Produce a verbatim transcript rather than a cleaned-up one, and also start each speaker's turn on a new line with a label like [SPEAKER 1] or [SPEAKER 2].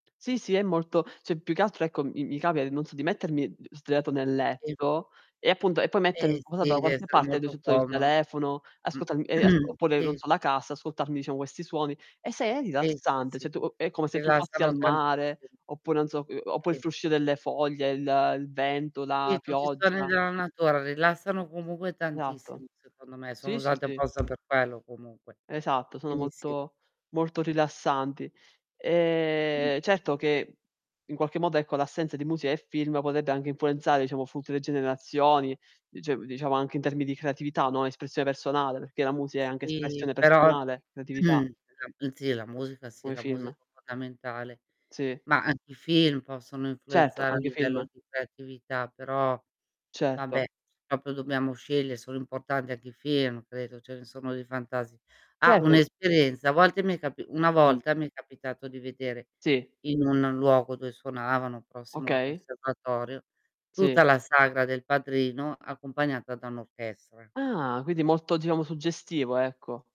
[SPEAKER 1] Sì, sì è molto ceh, più che altro, ecco, mi mi capita non so di mettermi d sdraiato nel
[SPEAKER 2] Sì.
[SPEAKER 1] letto e appunto e poi metto in
[SPEAKER 2] Eh
[SPEAKER 1] comodato
[SPEAKER 2] si,
[SPEAKER 1] da qualche
[SPEAKER 2] dev'essere
[SPEAKER 1] parte,
[SPEAKER 2] molto
[SPEAKER 1] [unintelligible] il
[SPEAKER 2] comono.
[SPEAKER 1] telefono,
[SPEAKER 2] Mh,
[SPEAKER 1] ascoltarmi ehm, as oppure non
[SPEAKER 2] sì.
[SPEAKER 1] so la cassa, ascoltarmi diciamo questi suoni. E se è
[SPEAKER 2] Sì, sì,
[SPEAKER 1] rilassante,
[SPEAKER 2] sì.
[SPEAKER 1] ceh, tu uhm, è come se tu fossi
[SPEAKER 2] Rilassano
[SPEAKER 1] al
[SPEAKER 2] tantissimo.
[SPEAKER 1] mare oppure, non so uhm, oppure
[SPEAKER 2] E
[SPEAKER 1] il
[SPEAKER 2] i
[SPEAKER 1] fruscio delle foglie, il il vento, la
[SPEAKER 2] Sì, tutti i suoni
[SPEAKER 1] pioggia.
[SPEAKER 2] della natura rilassano comunque tantissimo
[SPEAKER 1] eatto.
[SPEAKER 2] secondo me, sono
[SPEAKER 1] Sì, sì,
[SPEAKER 2] usate
[SPEAKER 1] sì.
[SPEAKER 2] apposta per quello comunque.
[SPEAKER 1] Esatto, sono
[SPEAKER 2] Quindi, sì.
[SPEAKER 1] molto molto rilassanti.
[SPEAKER 2] Mh-mh.
[SPEAKER 1] Ehm, certo che in qualche modo ecco l'assenza di musica e film podebbe anche influenzare diciamo futue generazioni, dice diciamo anche in termini di creatività, no. Espressio personale, perché la musica è anche
[SPEAKER 2] Sì,
[SPEAKER 1] espressione
[SPEAKER 2] però
[SPEAKER 1] personale, creatività.
[SPEAKER 2] e la uhm, sì, la musica sì
[SPEAKER 1] Come
[SPEAKER 2] la musica
[SPEAKER 1] film.
[SPEAKER 2] è fondamentale.
[SPEAKER 1] Sì.
[SPEAKER 2] Ma anche i film possono
[SPEAKER 1] Certo,
[SPEAKER 2] influenzare a
[SPEAKER 1] anghe i film.
[SPEAKER 2] livello di creatività però vabbè,
[SPEAKER 1] Certo.
[SPEAKER 2] propio dobbiamo sceglie sono importanti anche i film, credo, ce ne sono dei fantasi ah,
[SPEAKER 1] Cert
[SPEAKER 2] un'esperienza: a volte mi è capi una
[SPEAKER 1] Mh.
[SPEAKER 2] volta mi è capitato di vedere
[SPEAKER 1] Sì.
[SPEAKER 2] in un luogo dove suonavano prossimo al
[SPEAKER 1] Okay.
[SPEAKER 2] conservatorio, tutta
[SPEAKER 1] Sì.
[SPEAKER 2] la sagra del padrino accompagnata da un'orchestra.
[SPEAKER 1] Ah, quindi molto diciamo suggestivo ecco.